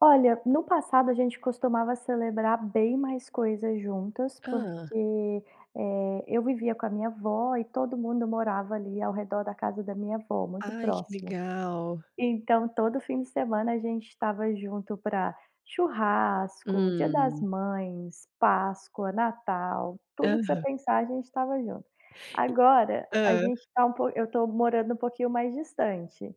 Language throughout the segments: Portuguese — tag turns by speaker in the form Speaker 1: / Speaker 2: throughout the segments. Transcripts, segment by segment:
Speaker 1: Olha, no passado, a gente costumava celebrar bem mais coisas juntas
Speaker 2: Hã.
Speaker 1: porque, eh, eu vivia com a minha avó e todo mundo morava ali, ao redor da casa da minha avó, muito
Speaker 2: Ai, que
Speaker 1: próximo.
Speaker 2: legal!
Speaker 1: Então, todo fim de semana, a gente estava junto pra churrasco, Dia das
Speaker 2: Hum.
Speaker 1: Mães, Páscoa, Natal, tudo que você
Speaker 2: Aham.
Speaker 1: pensar, a gente estava junto. Agora,
Speaker 2: E
Speaker 1: a
Speaker 2: hã.
Speaker 1: gente tá um po eu tô morando um pouquinho mais distante.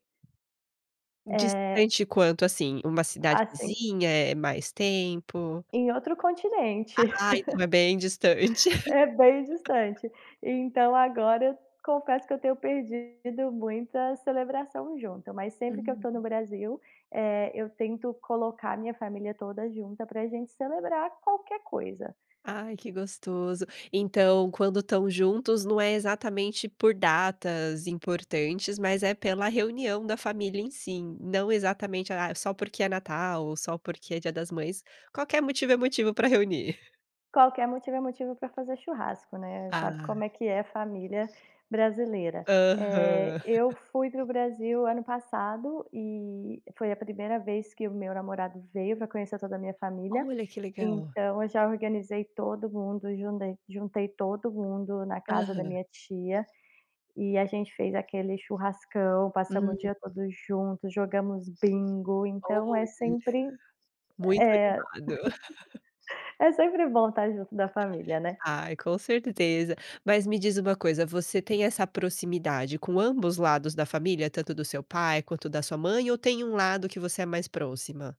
Speaker 1: Eh
Speaker 2: Distante quanto, assim? Uma cidade
Speaker 1: assim
Speaker 2: vizinha? É mais tempo?
Speaker 1: em outro continente.
Speaker 2: Ah, então é bem distante.
Speaker 1: É bem distante. Então, agora, eu confesso que eu tenho perdido muita celebração junta. Mas sempre que eu tô no
Speaker 2: Hum.
Speaker 1: Brasil, eh, eu tento colocar a minha família toda junta pra gente celebrar qualquer coisa.
Speaker 2: Ai, que gostoso. Então, quando estão juntos não é exatamente por datas importantes, mas é pela reunião da família, em si. Não exatamente, ah, só porque é Natal ou só porque é Dia das Mães. Qualquer motivo é motivo pra reunir.
Speaker 1: Qualquer motivo é motivo pra fazer churrasco, né, sabe
Speaker 2: Ah.
Speaker 1: como é que é família brasileira. Eh,
Speaker 2: Aham.
Speaker 1: eu fui para o Brasil o ano passado, e foi a 1º vez que o meu namorado veio pra conhecer toda a minha família,
Speaker 2: Olha, que legal.
Speaker 1: então, eu já organizei todo mundo, jundei juntei todo mundo na casa da
Speaker 2: Aham.
Speaker 1: minha tia. E a gente fez aquele churrascão, passamos o
Speaker 2: Uhum.
Speaker 1: dia todo junto, jogamos bingo, então é
Speaker 2: Olha.
Speaker 1: sempre
Speaker 2: Muito
Speaker 1: é
Speaker 2: animado.
Speaker 1: é sempre bom estar junto da família, né.
Speaker 2: Ai, com certeza. Mas, me diz uma coisa. Você tem essa proximidade com ambos lados da família, tanto do seu pai quanto da sua mãe, ou tem um lado que você é mais próxima?